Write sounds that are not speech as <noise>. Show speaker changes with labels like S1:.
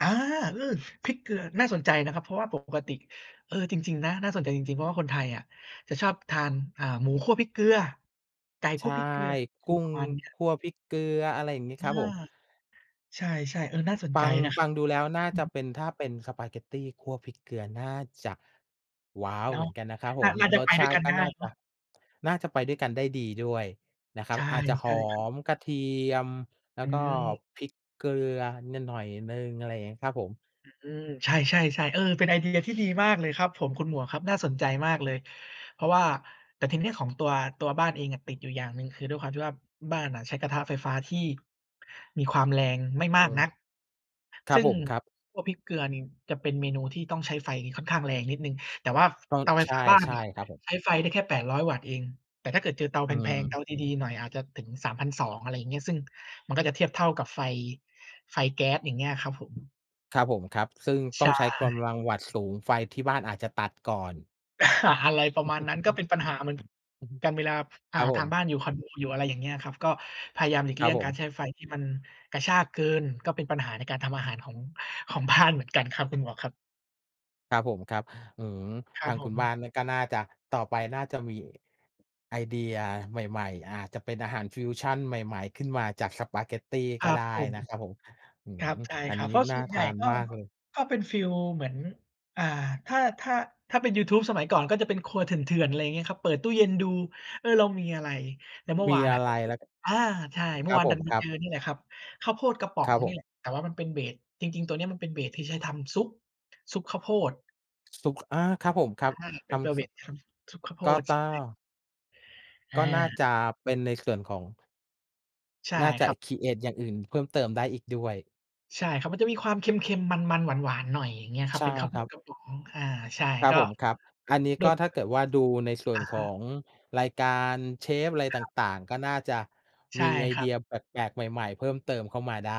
S1: อา! อือ พริกเกลือ น่าสนใจนะครับ เพราะว่าปกปกติ เออ จริง ๆ นะ น่าสนใจจริง ๆ เพราะว่าคนไทยอะจะชอบทาน เอ่อ หมูคั่วพริกเกลือ ไก่ค
S2: ใช
S1: ั่
S2: ่
S1: วพริกเกลือ ค
S2: ก
S1: ื
S2: ุ
S1: อ
S2: ้
S1: ป
S2: ง
S1: ระมาณเนี้ย
S2: คั่วพริกเกลือ อะไรอย่างงี้
S1: อ
S2: ค
S1: า
S2: รับผม
S1: ใช่ ๆ เออ น่าสน
S2: ฟั
S1: ใจ
S2: ง
S1: นะ
S2: ฟังดูแล้วน่า
S1: อื
S2: จะ
S1: ม
S2: เป็น ถ้าเป็นสปาเกตตีคั่วพริกเกลือ น่าจะ ว้าว
S1: เนา
S2: เหม
S1: ะ
S2: ือนกันนะครับ
S1: น
S2: ผ
S1: ่า
S2: ม
S1: น่าจะ
S2: ร
S1: ไป
S2: สช
S1: ด้ว
S2: า
S1: ย
S2: ต
S1: ก
S2: ิ
S1: ัน
S2: ก็
S1: ได้
S2: น่า
S1: เน
S2: จ
S1: า
S2: ะ
S1: ะ
S2: น่าจะไปด้วยกันได้ดีด้วยนะคร
S1: ใ
S2: ั
S1: ช
S2: บ
S1: ่
S2: อาจจะ
S1: ใ
S2: ห
S1: ช
S2: อ
S1: ่ครับ
S2: มกระเทียม แล้
S1: อ
S2: วก็
S1: ืม
S2: พริกเกลือ น หน่อยหนึ่ง อะไรเงี้ยครับผม
S1: อืม ใช่ ๆ ๆ เออ เป็นไอเดียที่ดีมากเลยครับผม คุณหมวกครับ น่าสนใจมากเลย เพราะว่า แต่ทีนี้ของตัว ตัวบ้านเองอะติดอยู่อย่างหนึ่ง คือด้วยความที่ว่าบ้านน่ะใช้กระทะไฟฟ้าที่มีความแรงไม่
S2: เอ
S1: มาก
S2: อ
S1: นัก
S2: คร
S1: ซ
S2: ั
S1: ึ
S2: บ
S1: ่ง
S2: ผมครับ
S1: พวกพริกเกลือนี่จะเป็นเมนูที่ต้องใช้ไฟค่อนข้างแรงนิดหนึ่ง แต่ว่า
S2: ก็
S1: เตาไฟ
S2: ใช
S1: ฟ้าบ้าน
S2: ่
S1: น่ะ
S2: ๆ ครับผม
S1: ใช้ไฟได้แค่ 800 วัตต์เอง แต่ถ้าเกิดเจอเตา
S2: อ
S1: แ
S2: ื
S1: พง ๆ เต
S2: ม
S1: าดี ๆ หน่อย อาจจะถึง 3,200 อะไรเงี้ย ซึ่งมันก็จะเทียบเท่ากับไฟ ไฟแก๊ส อย่างเงี้ยครับผม
S2: ครับผมครับ ซึ่ง
S1: ใ
S2: ต
S1: ช
S2: ้องใช้ก
S1: ่
S2: ำลังวัตต์สูง ไฟที่บ้านอาจจะตัดก่อน
S1: <chuckles> อา อะไรประมาณนั้น ก็เป
S2: <chuckles>
S1: ็นปัญหาเหมือน
S2: อือฮึ
S1: กัน เวลา อ่
S2: ค
S1: า
S2: รับผ
S1: ทา
S2: ม
S1: งบ้านอยู่คอนโด อยู่อะไรอย่างเงี้ยครับ ก็พยายามหลีก
S2: ค
S1: เ
S2: ร
S1: ล
S2: ั
S1: ี่
S2: บ
S1: ยง
S2: ผ
S1: การ
S2: ม
S1: ใช้ไฟที่มันกระชากเกิน ก็เป็นปัญหาในการทำอาหารของ ของ บ้าน เหมือนกันครับคุณหมวกครับ
S2: ครับผมครับ อื้อฮือ
S1: คร
S2: ท
S1: ับ
S2: าง
S1: ผ
S2: คุณบ
S1: ม
S2: ้านน่ะก็น่าจะ ต่อไปน่าจะมีไอเดียใหม่ ๆ อาจจะเป็นอาหารฟิวชันใหม่ ๆ ขึ้นมาจากสปาเกตตี
S1: ค
S2: ก
S1: ร
S2: ็
S1: ับ
S2: ได
S1: ผ
S2: ้
S1: ม
S2: นะครับผม อื้
S1: ค
S2: อ
S1: รับ
S2: ฮือ
S1: ใช่
S2: อั
S1: ค
S2: น
S1: รับ
S2: นี้
S1: เพราะ
S2: น
S1: ส
S2: ่
S1: ่
S2: า
S1: วนใ
S2: ท
S1: หญ่
S2: าน
S1: ก็
S2: มากเลย
S1: ก็เป็นฟีลเหมือน อ่า ถ้า ถ้า ถ้าเป็นยูทูบสมัยก่อนก็จะเป็นครัวเถื่อน ๆ อะไรงี้ครับ เปิดตู้เย็นดู เออ เรามีอะไร แล้วเมื่อ
S2: มี
S1: วาน
S2: อ
S1: อ
S2: ะ
S1: ะ
S2: ไรแล้ว ก
S1: <unintelligible> อา ใช่ เมื
S2: ค
S1: ่อ
S2: รั
S1: ว
S2: บ
S1: าน
S2: ผ
S1: ดั
S2: ม
S1: นไป
S2: คร
S1: เ
S2: ั
S1: จ
S2: บ
S1: อนี่แหละครับ ข้าวโพดกระป๋อ
S2: ค
S1: ง
S2: รับผ
S1: นี่
S2: ม
S1: แหละ แต่ว่ามันเป็น เบส จริง ๆ ตัวนี้มันเป็น เบส ที่ใช้ทำซุป ซุปข้าวโพด
S2: ซุป อา ครับผมครั
S1: ใ
S2: บ
S1: ช่ เป
S2: ท
S1: ็นตัว
S2: ำ
S1: เบ
S2: ซุ
S1: ส
S2: ป
S1: ทำซุปข้าวโพ
S2: ก็
S1: ด
S2: ต
S1: ใช
S2: ้อ
S1: ่
S2: ง ก็น่า
S1: อา
S2: จะเป็นในส่วนของ
S1: ใช่
S2: น่าจ
S1: ค
S2: ะ
S1: รับ
S2: ครีเอต อย่างอื่น เพิ่มเติมได้อีกด้วย
S1: ใช่ครับ มันจะมีความเค็ม ๆ มัน ๆ หวาน ๆ หน่อย อย่างงี้คร
S2: ใ
S1: ั
S2: ช
S1: บ
S2: ่
S1: เป็นข้าว
S2: ค
S1: โพ
S2: รับ
S1: ดกระป๋อง อา ใช่
S2: ครั
S1: ก
S2: บ
S1: ็
S2: ผม ครับ อันนี้
S1: โด
S2: ก
S1: ย
S2: ็
S1: ป
S2: ถ้า
S1: ก
S2: เกิดว่าดูใน
S1: ติ
S2: ส่ว
S1: อ
S2: น
S1: ะฮ
S2: ขอ
S1: ะ
S2: งรายการเชฟอะไร
S1: ค
S2: ต
S1: รับ
S2: ่าง ๆ ก็น่าจะ
S1: ใช
S2: ม
S1: ่
S2: ีไอ
S1: คร
S2: เ
S1: ั
S2: ด
S1: บ
S2: ียแปลก ๆ ใหม่ ๆ เพิ่มเติมเข้ามาได้